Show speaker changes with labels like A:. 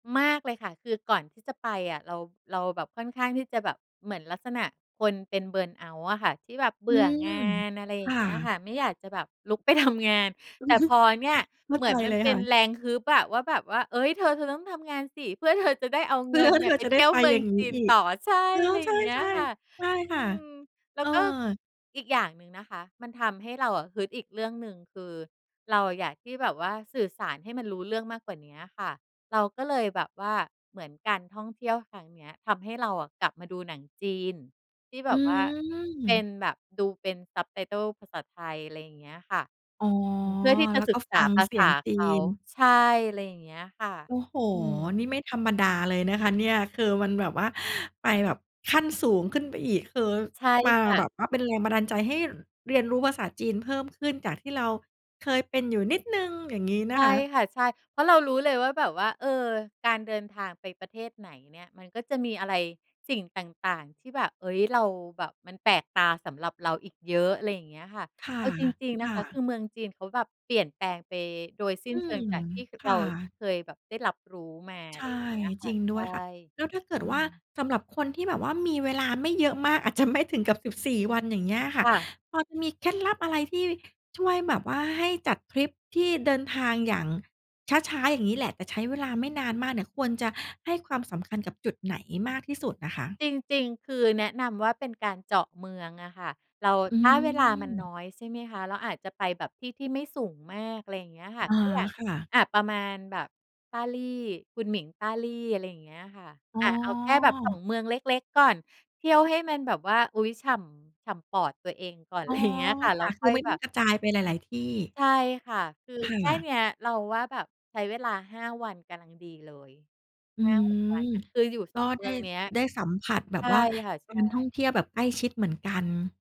A: มากเลยค่ะ คือก่อนที่จะไปอะ เรา เราแบบค่อนข้างที่จะแบบเหมือนลักษณะคนเป็น เบิร์นเอาต์ อะค่ะ ที่แบบเบ
B: อื
A: ื่อ
B: ม
A: งาน อะไรอ
B: ค
A: ย่
B: ่
A: างเงี้ยค่
B: ะ
A: ะ ไม่อยากจะแบบลุก ไปทำ งาน แต่พอเนี่ย
B: เข้
A: เ
B: า
A: หมื
B: ใ
A: อ
B: จ
A: นมั
B: เ
A: น
B: ลย
A: เป
B: ค
A: ็
B: ่
A: น
B: ะ
A: แรงฮึบอะ ว่าแบบว่า เฮ้ย เธอ เธอต้องทำงานสิ เพื่อ เธอ จะได้เอา
B: เพ
A: เง
B: ื่
A: ิ
B: อ
A: นเน
B: ที
A: ี
B: ่
A: ่ย
B: เร
A: ไ
B: า
A: ป
B: จะ
A: เ
B: ไ
A: ท
B: ด้
A: ี่ยว
B: ไป
A: เมือ
B: อย
A: ง
B: ่างง
A: จ
B: ี้
A: ีน
B: อีก
A: ต่อ ใช่
B: อ๋อ
A: ไร
B: ใ
A: อ
B: ช
A: ย่
B: ่
A: างเงี้ยค่ะ
B: ๆ ใช่
A: อื
B: ค่ะ
A: ม แล
B: เ
A: ้
B: อ
A: วก็
B: อ
A: อีกอย่างหนึ่งนะคะ มันทำให้เราอะฮึดอีกเรื่องหนึ่ง คือ เราอะอยากที่แบบว่าสื่อสารให้มันรู้เรื่องมากกว่าเนี้ยค่ะ เราก็เลยแบบว่า เหมือนการท่องเที่ยวครั้งเนี้ย ทำให้เราอะกลับมาดูหนังจีน ที่แบ
B: อื
A: บว่าเป็
B: ม
A: นแบบ ดูเป็น subtitle ภาษาไทย อะไรอย่างเงี้ยค่ะ
B: อ๋อ
A: อืม เพื่อที่จะ
B: แล้ว
A: ศ
B: ก
A: ึ
B: ็
A: กษ
B: ฟั
A: า
B: ง
A: ภา
B: เสี
A: ษ
B: ย
A: า
B: งจี
A: เขา
B: น
A: ใช่ ไรอย่างเงี้ยค่ะ
B: โอ้โฮ
A: อืม
B: นี่ไม่ธรรมดาเลยนะคะเนี่ย คือมันแบบว่าไปแบบขั้นสูงขึ้นไปอีก คือ
A: ใช่
B: มา
A: ค่
B: แ
A: ะ
B: บบว่าเป็นแรงบันดาลใจให้ ร เรียนรู้ภาษาจีนเพิ่มขึ้น จากที่เราเคยเป็นอยู่นิดหนึ่ง อย่างงี้
A: ใ
B: น
A: ช
B: ะ
A: ่
B: คะ
A: ค่ะ ใช่ เพราะเรารู้เลยว่าแบบว่า เออ การเดินทางไปประเทศไหนเนี่ย มันก็จะมีอะไร สิ่งต่าง ๆ ที่แบบ เฮ้ย เรา แบบมันแปลกตาสำหรับเราอีกเยอะ อะไรอย่างเงี้ยค่ะ
B: ค่ะ
A: เอาจริง ๆ
B: ค
A: นะ
B: ่
A: คะ คื
B: ะ
A: อเมืองจีนเขาแบบเปลี่ยนแปลงไปโดยสิ้
B: อ
A: น
B: ื
A: เชิง
B: ม
A: จากที่ ค
B: ค
A: เร
B: ่
A: า
B: ะ
A: เคยแบบได้รับรู้มา
B: ใช
A: ไร
B: ่
A: เงี้ยค
B: จ
A: ่ะ
B: ริง
A: ใช
B: ด้
A: ่
B: วยค่ะ แล้วถ้าเกิด
A: อื
B: ว่า
A: ม
B: สำหรับคนที่แบบว่ามีเวลาไม่เยอะมาก อาจจะ ไม่ถึงกับ 14 วัน อย่างเงี้ยค่
A: ค
B: ะ
A: ่ะ
B: พอจะมีเคล็ดลับอะไรที่ช่วยแบบว่าให้จัดทริปที่เดินทางอย่างช้า ๆ อย่างงี้แหละ แต่ใช้เวลาไม่นานมากเนี่ย ควรจะให้ความสำคัญกับจุดไหนมากที่สุดน่ะคะ?
A: จริง ๆ คือแนะนำว่า เป็นการเจาะเมืองอะค่ะ เรา
B: อื
A: ถ้าเวลามัน
B: ม
A: น้อยใช่ไหมคะ เราอาจจะไปแบบที่ที่ไม่สูงมาก อะไรอย่างเงี้ยค่ะ
B: อ๋อ
A: ก็อย่าง
B: ค่ะ
A: อะ ประมาณแบบ Dali คุณหมิง Dali อะไรอย่างเงี้ยค่ะ
B: อ๋
A: อ
B: อ
A: ะ เอาแค่แบบ 2 เมืองเล็ก ๆ ก่อน เที่ยวให้มันแบบว่า อุ๊ย ฉ่ำ ฉ่ำปอดตัวเองก่อน
B: อ
A: ไ
B: ๋อ
A: ร เงี้ยค่ะ แ
B: ค
A: ล้
B: ่
A: ว
B: ะ ค
A: ค
B: ื
A: ่อ
B: อ
A: ย
B: ไม่
A: แบ
B: ต้อง
A: บ
B: กระจายไปหลาย ๆ ที่
A: ใช่ค่ะ คือ
B: ค
A: แค่
B: ่
A: เนี
B: ะ
A: ้ย เราว่าแบบใช้เวลา 5 วันกำลัง ดีเลย
B: อื
A: 5-6 วั
B: ม
A: นน่ะ คืออยู่
B: ก
A: ส
B: ็
A: อง เ
B: ไ
A: ม
B: ด
A: ื
B: ้
A: องเนี้ย
B: ได้สัมผัสแบ
A: ใช
B: บ
A: ่
B: ว่า
A: ค่ะ
B: ก
A: ใ
B: า
A: ช่
B: รท่องเที่ยวแบบใกล้ชิดเหมือนกัน